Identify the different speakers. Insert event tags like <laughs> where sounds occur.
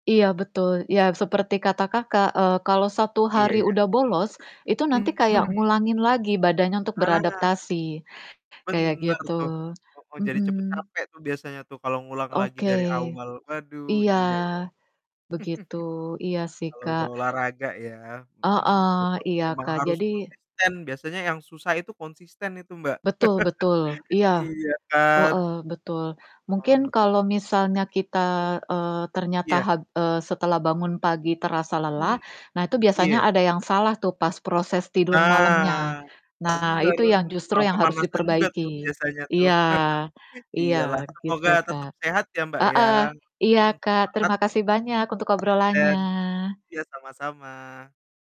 Speaker 1: Iya betul, iya seperti kata Kakak, eee, kalau 1
Speaker 2: Iya
Speaker 1: hari
Speaker 2: iya.
Speaker 1: udah bolos, itu nanti kayak
Speaker 2: Mhm.
Speaker 1: ngulangin lagi badannya untuk
Speaker 2: Halangan.
Speaker 1: beradaptasi, kayak
Speaker 2: Bener
Speaker 1: gitu.
Speaker 2: tuh, kalau mau jadi cepat
Speaker 1: Mhm.
Speaker 2: capek tuh biasanya tuh kalau ngulang lagi
Speaker 1: Oke,
Speaker 2: dari awal. Waduh
Speaker 1: iya,
Speaker 2: iya iya.
Speaker 1: begitu. Iya
Speaker 2: <chuckles>
Speaker 1: sih,
Speaker 2: Kalau udah
Speaker 1: Kak.
Speaker 2: olahraga ya? Mhm,
Speaker 1: Heeh,
Speaker 2: betul
Speaker 1: iya,
Speaker 2: memang
Speaker 1: Kak.
Speaker 2: harus
Speaker 1: Jadi
Speaker 2: konsisten, biasanya yang susah itu konsisten itu, Mbak.
Speaker 1: Betul betul,
Speaker 2: <laughs>
Speaker 1: iya,
Speaker 2: Iya kan?
Speaker 1: heeh, betul. Mungkin
Speaker 2: Mhm.
Speaker 1: kalau misalnya kita, eee, ternyata,
Speaker 2: Iya.
Speaker 1: hab eee, setelah bangun pagi terasa lelah.
Speaker 2: Mmm,
Speaker 1: Nah, itu biasanya
Speaker 2: iya.
Speaker 1: ada yang salah tuh pas proses tidur malamnya.
Speaker 2: Nah,
Speaker 1: Nah,
Speaker 2: bener,
Speaker 1: itu yang justru
Speaker 2: kurang
Speaker 1: yang harus
Speaker 2: pemanasan juga tuh
Speaker 1: diperbaiki.
Speaker 2: biasanya tuh.
Speaker 1: Iya,
Speaker 2: <chuckles>
Speaker 1: iya
Speaker 2: Iya lah,
Speaker 1: gitu,
Speaker 2: semoga tetap
Speaker 1: Kak,
Speaker 2: sehat ya, Mbak, ya.
Speaker 1: heeh, iya
Speaker 2: Hmm,
Speaker 1: Kak,
Speaker 2: semangat,
Speaker 1: terima kasih banyak untuk
Speaker 2: konsisten.
Speaker 1: obrolannya.
Speaker 2: Iya sama-sama.